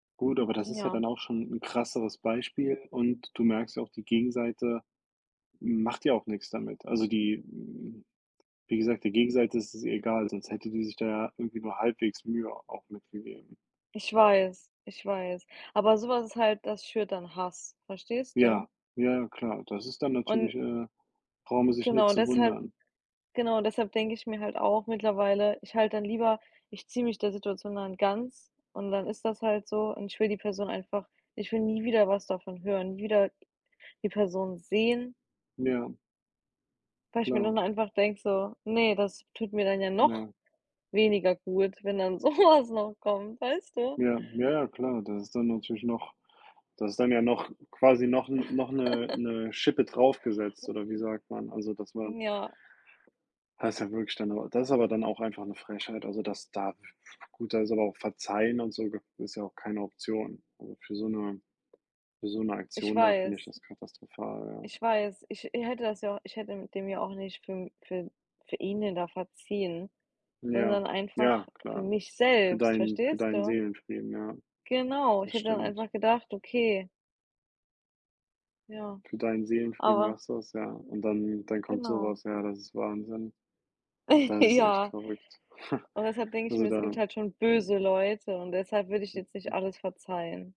Gut, aber das ist ja Ja. dann auch schon 'n krasseres Beispiel und du merkst ja auch, die Gegenseite macht ja auch nix damit. Also, die hm, wie gesagt, die Gegenseite ist es egal, sonst hätte die sich da ja irgendwie nur halbwegs Mühe auch mit gegeben. Ich weiß, ich weiß. Aber so was ist halt das schürt dann Hass, verstehst du? Ja, ja ja, klar. Das ist dann Und natürlich äh, brauchen die sich nicht Genau, zu deshalb wundern. genau, deshalb denke ich mir halt auch mittlerweile, ich halte dann lieber ich ziehe mich der Situation dann ganz und dann ist das halt so und ich will die Person einfach ich will nie wieder was davon hören, nie wieder die Person sehen Ja. Weil ich mir nur Klar. dann einfach denke so: „Ne, das tut mir dann ja noch Nein. weniger gut, wenn dann so was noch kommt“, weißt du? Ja, ja ja, klar. Das ist dann natürlich noch das ist dann ja noch quasi noch 'n noch 'ne 'ne Schippe drauf gesetzt oder wie sagt man? Also, das man Ja. das ist ja wirklich dann aber das ist aber dann auch einfach 'ne Frechheit. Also, das darf [unintelligible] gut, da ist aber auch verzeihen und so gib ist ja auch keine Option. Also, für so 'ne für so 'ne Ich Aktion da finde ich weiß. das katastrophal, ja. Ich weiß, ich ich hätte das ja ich hätte mit dem ja auch nicht für für für ihn denn da verziehen, Ja, sondern einfach ja, für klar. mich Für selbst, deinen für verstehst deinen du? Seelenfrieden, ja. Genau, ich Das hätte dann stimmt. einfach gedacht: „Okay.“ Ja, Für deinen Seelenfrieden aber machst du das, ja und dann dann kommt so Genau. was, ja. Das ist Wahnsinn. Das ist echt Ja, verrückt. und deshalb denke ich mir, Also, es gibt da halt schon [unintelligible] böse Leute und deshalb würde ich jetzt nicht alles verzeihen.